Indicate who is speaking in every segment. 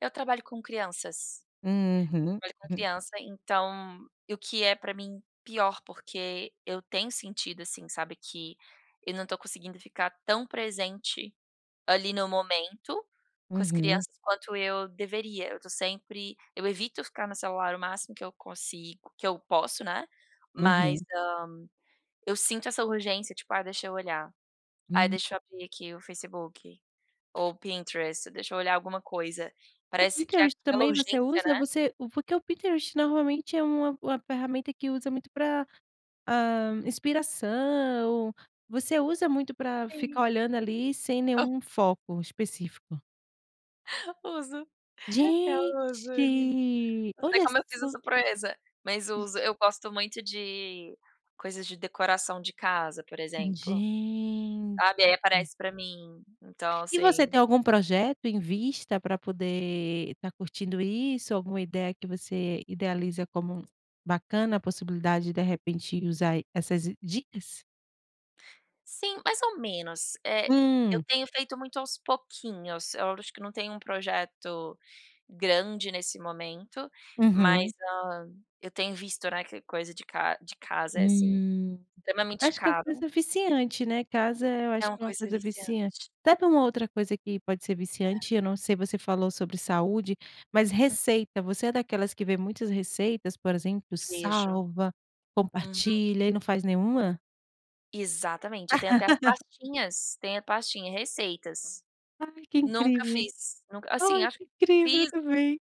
Speaker 1: Eu trabalho com crianças.
Speaker 2: Uhum,
Speaker 1: Trabalho com
Speaker 2: hum.
Speaker 1: criança, então e o que é pra mim pior, porque eu tenho sentido, assim, sabe, que eu não estou conseguindo ficar tão presente ali no momento com as
Speaker 2: Uhum.
Speaker 1: crianças quanto eu deveria, eu estou sempre eu evito ficar no celular o máximo que eu consigo que eu posso né, mas,
Speaker 2: Uhum.
Speaker 1: hã, eu sinto essa urgência, tipo: "Ah, deixa eu olhar, aí
Speaker 2: Hum.
Speaker 1: deixa eu abrir aqui o Facebook ou o Pinterest deixa eu olhar alguma coisa",
Speaker 2: O
Speaker 1: parece que é
Speaker 2: Pinterest,
Speaker 1: aquela
Speaker 2: também você
Speaker 1: urgência,
Speaker 2: usa,
Speaker 1: né?
Speaker 2: você porque o Pinterest normalmente é uma uma ferramenta que usa muito pra, hã, inspiração, você usa muito pra
Speaker 1: Sim.
Speaker 2: ficar olhando ali sem
Speaker 1: Aha
Speaker 2: nenhum foco específico?
Speaker 1: Uso, eu
Speaker 2: Gente,
Speaker 1: uso ali no Não sei
Speaker 2: olha
Speaker 1: como eu fiz
Speaker 2: só!
Speaker 1: essa proeza, mas uso.
Speaker 2: Ge
Speaker 1: Eu gosto muito de coisas de decoração de casa, por exemplo.
Speaker 2: Gente.
Speaker 1: Sabe, aí aparece pra mim, então
Speaker 2: E você
Speaker 1: assim
Speaker 2: tem algum projeto em vista para poder estar curtindo isso? Alguma ideia que você idealiza como bacana a possibilidade, de repente usar essas dicas?
Speaker 1: Sim, mais ou menos, eh, eu
Speaker 2: Hum.
Speaker 1: tenho feito muito aos pouquinhos, eu acho que não tenho um projeto grande nesse momento,
Speaker 2: Uhum.
Speaker 1: mas, hã, eu tenho visto, né, que coisa de ca de casa é, assim,
Speaker 2: Hum,
Speaker 1: extremamente
Speaker 2: acho que é uma
Speaker 1: caro.
Speaker 2: coisa viciante, né, casa eu
Speaker 1: É
Speaker 2: acho
Speaker 1: uma
Speaker 2: que é uma
Speaker 1: coisa
Speaker 2: coisa viciante
Speaker 1: viciante.
Speaker 2: até para uma outra coisa que pode ser viciante
Speaker 1: É.
Speaker 2: eu não sei você falou sobre saúde, mas
Speaker 1: Hum.
Speaker 2: receita, você é daquelas que vê muitas receitas, por exemplo,
Speaker 1: Vejo,
Speaker 2: salva,
Speaker 1: uhum.
Speaker 2: compartilha e não faz nenhuma?
Speaker 1: Exatamente, eu tenho até as pastinhas, tem a pastinha receitas.
Speaker 2: Ai que
Speaker 1: Nunca
Speaker 2: incrível,
Speaker 1: fiz, nunca assim,
Speaker 2: ai
Speaker 1: acho
Speaker 2: que
Speaker 1: que
Speaker 2: incrível, eu
Speaker 1: fiz
Speaker 2: também.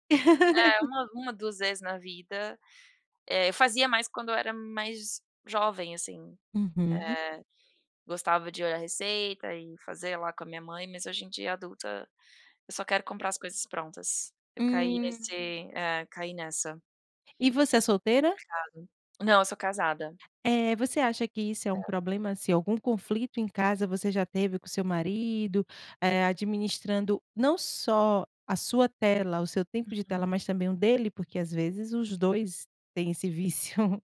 Speaker 1: é uma uma, 1 vezes na vida, eh, eu fazia mais quando eu era mais jovem, assim,
Speaker 2: Uhum.
Speaker 1: eh, gostava de olhar receita e fazer lá com a minha mãe, mas hoje em dia, adulta, eu só quero comprar as coisas prontas, eu caí
Speaker 2: Hum.
Speaker 1: nesse eh, caí nessa.
Speaker 2: E você é solteira?
Speaker 1: Complicado. Não, eu sou casada.
Speaker 2: Eh, você acha que isso é um
Speaker 1: É.
Speaker 2: problema, assim, algum conflito em casa, você já teve com o seu marido, eh, administrando, não só a sua tela, o seu tempo de tela,
Speaker 1: Uhum.
Speaker 2: mas também o dele? Porque às vezes os 2 têm esse vício.